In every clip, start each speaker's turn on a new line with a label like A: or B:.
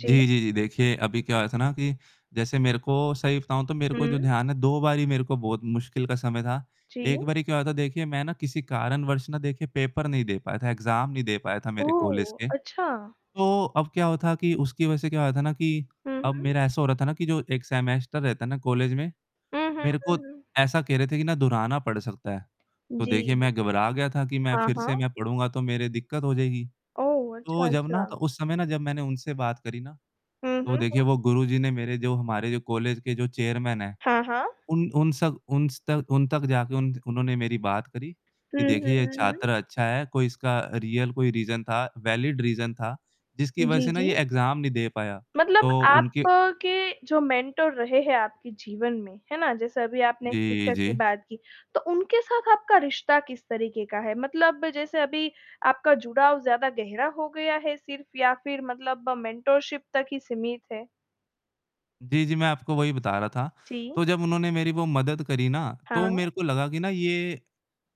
A: जी।
B: जी, जी, देखिए, अभी क्या हुआ था ना कि जैसे मेरे को सही बताऊँ तो मेरे को जो
A: हुँ।
B: ध्यान है, 2 बारी मेरे को बहुत मुश्किल का समय था,
A: जी।
B: एक बारी क्या हुआ था देखिए, मैं ना किसी कारणवश ना देखिए पेपर नहीं दे पाया था, एग्ज़ाम नहीं दे पाया था मेरे कॉलेज
A: ओह!
B: के,
A: अच्छा।
B: तो अब क्या हुआ था कि उसकी वजह से क्या हुआ था ना कि
A: हुँ,
B: अब
A: हुँ।
B: मेरा ऐसा हो रहा था ना कि जो एक सेमेस्टर रहता है ना कॉलेज में,
A: हुँ, हुँ,
B: मेरे को
A: हुँ, हुँ।
B: ऐसा कह रहे थे कि ना दोहराना पड़ सकता है, तो
A: जी,
B: देखिए मैं घबरा गया था कि मैं
A: हाँ,
B: फिर से
A: हाँ।
B: मैं पढ़ूँगा तो मेरे दिक्कत हो जाएगी,
A: ओह! अच्छा,
B: तो जब ना
A: अच्छा।
B: तो उस समय ना जब मैंने उनसे बात करी ना,
A: हुँ,
B: तो
A: हुँ,
B: देखिए
A: हुँ।
B: वो गुरुजी ने मेरे जो हमारे जो कॉलेज के जो चेयरमैन हैं
A: हाँ, हाँ।
B: उन उन सक उन स तक उन तक जाके उन उन्होंने मेरी बात करी
A: हुँ,
B: कि
A: हुँ,
B: देखिए ये
A: हुँ,
B: छात्र
A: हुँ।
B: अच्छा है, कोई इसका रियल कोई रीज़न था, वैलिड रीज़न था जिसकी वजह
A: जी,
B: से ना
A: जी।
B: ये एग्ज़ाम नहीं दे पाया,
A: मतलब
B: तो
A: आप
B: उनके
A: के जो मेंटर रहे हैं आपके जीवन में, है ना? जैसे अभी आपने
B: जी,
A: टीचर की
B: जी।
A: बात की, तो उनके साथ आपका रिश्ता किस तरीक़े का है, मतलब जैसे अभी आपका जुड़ाव ज़्यादा गहरा हो गया है सिर्फ़? या फिर मतलब मेंटोरशिप तक ही सीमित है?
B: जी, जी, मैं आपको वही बता रहा था,
A: जी।
B: तो जब उन्होंने मेरी वो मदद करी ना, तो
A: हाँ।
B: मेरे को लगा कि ना ये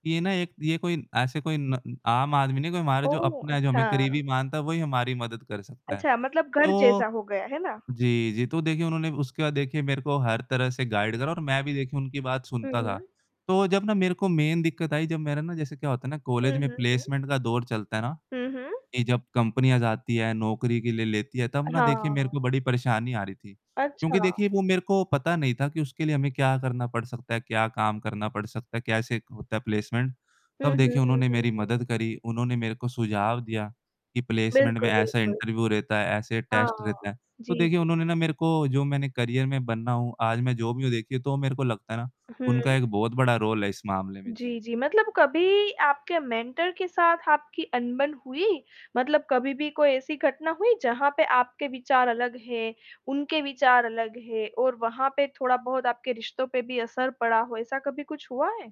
B: ये ना एक ये कोई ऐसे कोई न आम आदमी नहीं है कोई हमारे जो
A: ओह!
B: अपने, जो हमें
A: अच्छा।
B: करीबी मानता है वो ही हमारी मदद कर सकता है
A: अच्छा, मतलब घर
B: तो
A: जैसा हो गया, है ना?
B: जी, जी, तो देखिए उन्होंने उसके बाद देखिए मेरे को हर तरह से गाइड करा और मैं भी देखिए उनकी बात
A: हुँ,
B: सुनता था
A: हुँ।
B: तो जब ना मेरे को मेन दिक्कत आई, जब मेरा ना जैसे क्या होता है ना
A: हुँ,
B: कॉलेज में
A: हुँ, हुँ।
B: प्लेसमेंट का दौर चलता है ना
A: हुँ, हुँ।
B: कि जब कंपनियाँ जाती हैं नौकरी के लिए लेती हैं, तब ना देखिए मेरे को
A: हाँ।
B: बड़ी परेशानी आ रही थी क्योंकि
A: अच्छा।
B: देखिए वो मेरे को पता नहीं था कि उसके लिए हमें क्या करना पड़ सकता है, क्या काम करना पड़ सकता है, कैसे होता है प्लेसमेंट
A: हुँ,
B: तब
A: हुँ,
B: देखिए
A: हुँ, हुँ,
B: उन्होंने मेरी
A: हुँ, हुँ।
B: मदद करी, उन्होंने मेरे को सुझाव दिया कि प्लेसमेंट में
A: बिल्कुल,
B: ऐसा
A: बिल्कुल।
B: इंटरव्यू रहता है, ऐसे टेस्ट रहता
A: हाँ,
B: है, तो
A: जी।
B: देखिए उन्होंने ना मेरे को जो मैंने करियर में बना हूँ, आज मैं जो भी हूँ देखिए तो मेरे को लगता है ना उनका
A: हुँ।
B: एक बहुत बड़ा रोल है इस मामले में, जी।
A: जी, जी, मतलब कभी आपके मेंटर के साथ आपकी अनबन हुई, मतलब कभी भी कोई ऐसी घटना हुई जहाँ पे आपके विचार अलग हैं, उनके विचार अलग हैं और वहाँ पे थोड़ा-बहुत आपके रिश्तों पे भी असर पड़ा हो, ऐसा कभी कुछ हुआ है?